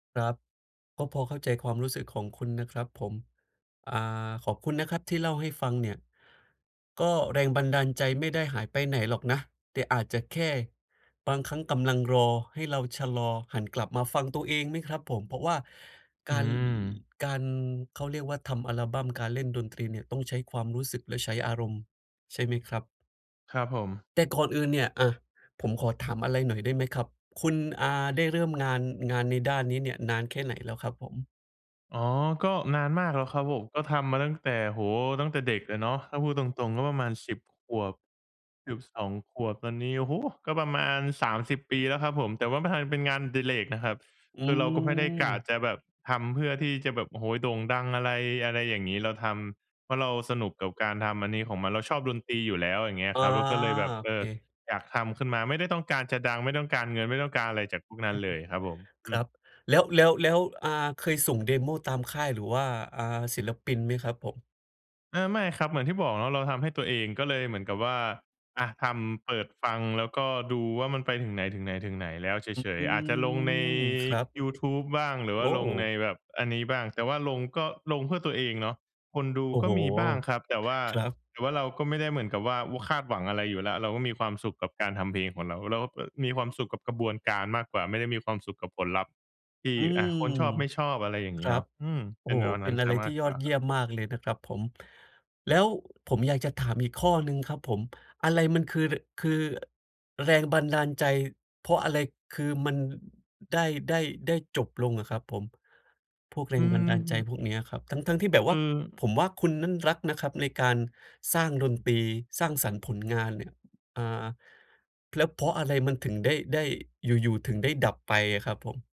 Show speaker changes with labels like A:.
A: ครับ ก็พอเข้าใจความรู้สึกของคุณนะครับผม อ่า ขอบคุณนะครับที่เล่าให้ฟังเนี่ย ก็แรงบันดาลใจไม่ได้หายไปไหนหรอกนะ แต่อาจจะแค่บางครั้งกำลังรอ ให้เราชะลอหันกลับมาฟังตัวเองไหมครับผม
B: อื
A: เพ
B: อ
A: ราะว่า
B: อ
A: ก
B: ื
A: าร
B: ม
A: การ เขาเรียกว่าทำอัลบัม การเล่นดนตรีเนี่ย ต้องใช้ความรู้สึกและใช้อารมณ์ ใช่ไหมครับ?
B: ครับผม
A: แต่ก่อนอื่นเนี่ย อะ ผมขอถามอะไรหน่อยได้ไหมครับ? คุณ อ่า ได้เริ่มงาน งานในด้านนี้เนี่ยนานแค่ไหนแล้วครับผม?
B: อ๋อ ก็นานมากแล้วครับผม ก็ทำมาตั้งแต่ โอ้โฮ ตั้งแต่เด็กเลยเนาะ ถ้าพูดตรง ๆ ก็ประมาณ 10 ขวบ 12 ขวบ ตอนนี้ โอ้โฮ! ก็ประมาณ 30 ปีแล้วครับผม แต่ว่ามาทำเป็นงานอดิเรกนะครับ
A: อื
B: คือเราก็ไม่ได้กะ
A: ม
B: จะแบบทำเพื่อที่จะแบบ โอ้โฮ โด่งดังอะไร อะไรอย่างงี้ เราทำเพราะเราสนุกกับการทำอันนี้ของมัน เราชอบดนตรีอยู่แล้ว อย่างเงี้
A: อ
B: ย
A: า
B: ครับ เราก็เลยแบบ
A: โอ
B: เอ
A: เ
B: อ
A: ค
B: อยากทำขึ้นมา ไม่ได้ต้องการจะดัง ไม่ต้องการเงิน ไม่ต้องการอะไรจากพวกนั้นเลยครับผม อ
A: ค
B: ื
A: รั
B: อ
A: บ แล้ว แล้ว แล้ว อ่า เคยส่ง เดโม ตามค่ายหรือว่า อ่า ศิลปินไหมครับผม?
B: อา ไม่ครับ เหมือนที่บอกว่า เราทำให้ตัวเองก็เลยเหมือนกับว่า อะ ทำ เปิดฟัง แล้วก็ดูว่ามันไปถึงไหน ถึงไหน ถึงไหนแล้วเ
A: อื
B: ฉย ๆ อาจจะลงใน
A: ม ครับ
B: ยูทูบบ้าง หรือ
A: โ
B: ว่
A: อ
B: าลงใน
A: ้!
B: แบบอันนี้บ้าง แต่ว่าลงก็ลงเพื่อตัวเองเนาะ คนดู
A: โอ้
B: ก็
A: โฮ!
B: มีบ้างครับ แต่ว่า
A: ครับ
B: แต่ว่าเราก็ไม่ได้เหมือนกับว่า ว คาดหวังอะไรอยู่แล้ว เราก็มีความสุขกับการทำเพลงของเรา เราก็มีความสุขกับกระบวนการมากกว่า ไม่ได้มีความสุขกับผลลัพธ์ที่
A: อื
B: อะ
A: ม
B: คนชอบไม่ชอบ อะไรอย่าง
A: ค
B: งี้
A: รั
B: เนา
A: บ
B: ะ อืม
A: โอ
B: เป
A: ้
B: ็
A: โฮ
B: นแนว
A: เ
B: น
A: ป
B: ั
A: ็
B: ้
A: น
B: นเ
A: อ
B: ส
A: ะ
B: ี
A: ไ
B: ย
A: ร
B: ม
A: ที
B: า
A: ่
B: ก
A: ย
B: ก
A: อ
B: ว่า
A: ดเย
B: ค
A: ี
B: ร
A: ่
B: ับ
A: ยมมากเลยนะครับผม แล้วผมอยากจะถามอีกข้อหนึ่งครับผม อะไรมันคือ ร คือแรงบันดาลใจ เพราะอะไรคือมันได้ ได้ ได้จบลงอะครับผม? พวกแร
B: อื
A: งบันดาลใจ
B: ม
A: พวกนี้อะครับ ทั้ง ๆ ที่แบบ
B: ค
A: ว่
B: ือ
A: าผมว่าคุณนั้นรักนะครับในการสร้างดนตรี สร้างสรรค์ผลงานเนี่ย อ่า แล้วเพราะอะไรมันถึงได้ ได้อยู่ ๆ ถึงได้ดับไปอะครับผม?